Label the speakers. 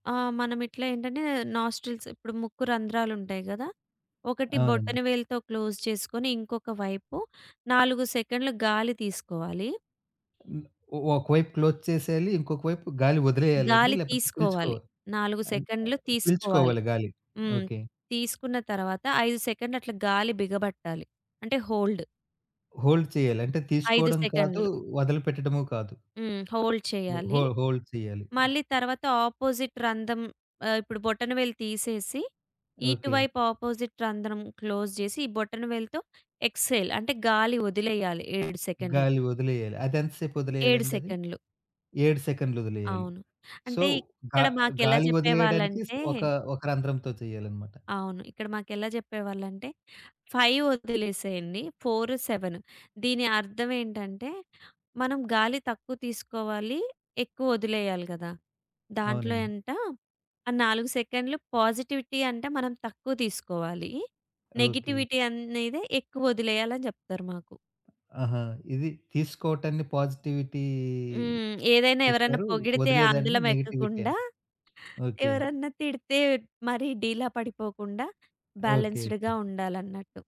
Speaker 1: ఆ! మనమిట్లా ఏంటంటే నోస్ట్రిల్స్ ఇప్పుడు ముక్కు రంధ్రాలుంటాయి గదా! ఒకటి
Speaker 2: అవునండి.
Speaker 1: బొటన వేలుతో క్లోజ్ చేసుకొని, ఇంకొక వైపు 4 సెకండ్‌ల గాలి తీసుకోవాలి.
Speaker 2: హ్మ్. ఒక ఒకవైపు క్లోజ్ చేసేయాలి. ఇంకొక వైపు గాలి వదిలేయాల అండి?
Speaker 1: గాలి
Speaker 2: లేకపోతే
Speaker 1: తీసుకోవాలి.
Speaker 2: పీల్చుకోవాలి?
Speaker 1: 4
Speaker 2: అంటే
Speaker 1: సెకండ్‌లు
Speaker 2: ఆహ్,
Speaker 1: తీసుకోవాలి.
Speaker 2: పీల్చుకోవాలి గాలి?
Speaker 1: హ్మ్.
Speaker 2: ఓకే.
Speaker 1: తీసుకున్న తరువాత 5 సెకండ్‌లు అట్లా గాలి బిగబట్టాలి. అంటే హోల్డ్.
Speaker 2: హోల్డ్ చేయాలి. అంటే
Speaker 1: 5
Speaker 2: తీసుకోవడం కాదు.
Speaker 1: సెకండ్‌లు.
Speaker 2: వదిలిపెట్టడము కాదు.
Speaker 1: హ్మ్. హోల్డ్
Speaker 2: హో హో
Speaker 1: చేయాలి.
Speaker 2: హోల్డ్ చెయ్యాలి.
Speaker 1: మళ్ళీ తరువాత ఆపోజిట్ రంధ్రం ఆహ్, ఇప్పుడు బొటనవేలు తీసేసి
Speaker 2: ఓకే.
Speaker 1: ఇటువైపు అపోజిట్ రంధ్రం క్లోజ్ చేసి ఈ బొటన వేలుతో ఎక్స్‌హేల్ అంటే గాలి వదిలేయాలి 7 సెకండ్‌లు.
Speaker 2: గాలి ఒదిలేయాలి. అదెంత
Speaker 1: 7
Speaker 2: సేపొదిలేయాలండి అది?
Speaker 1: సెకండ్‌లు.
Speaker 2: 7 సెకండ్‌లు ఒదిలేయాలి.
Speaker 1: అవును.
Speaker 2: సో
Speaker 1: అంటే
Speaker 2: గా
Speaker 1: ఇక్కడ మాకెలా
Speaker 2: గాలి వదిలేయడానికి
Speaker 1: చెప్పేవాళ్ళంటే
Speaker 2: ఒక, ఒక రంధ్రంతో చెయ్యాలన్నమాట?
Speaker 1: అవును. ఇక్కడ మాకెలా చెప్పేవాళ్ళంటే 5 వదిలేసేయండి 4, 7 దీని అర్థం ఏంటంటే మనం గాలి తక్కువ తీసుకోవాలి ఎక్కువ వదిలేయాలి గదా! దాంట్లో
Speaker 2: అవునండి.
Speaker 1: ఎంత ఆ 4 సెకండ్‌లు పాజిటివిటీ అంటే మనం తక్కువ తీసుకోవాలి.
Speaker 2: ఓకే.
Speaker 1: నెగటివిటీ అనేదే ఎక్కువొదిలేయాలని జెప్తరు మాకు.
Speaker 2: ఆహా! ఇది తీసుకోవటాన్ని పాజిటివిటీ
Speaker 1: హ్మ్. ఏదైనా ఎవరన్నా
Speaker 2: చెప్పారు.
Speaker 1: పొగిడితే
Speaker 2: వదిలేదాన్ని
Speaker 1: అందలం
Speaker 2: నెగెటివిటీ
Speaker 1: ఎక్కకుండా,
Speaker 2: అని. ఓకే.
Speaker 1: ఎవరన్నా తిడితే మరి డీలా పడిపోకుండా
Speaker 2: ఓకే.
Speaker 1: బ్యాలెన్స్‌డ్‌గా
Speaker 2: ఓకే.
Speaker 1: ఉండాలన్నట్టు.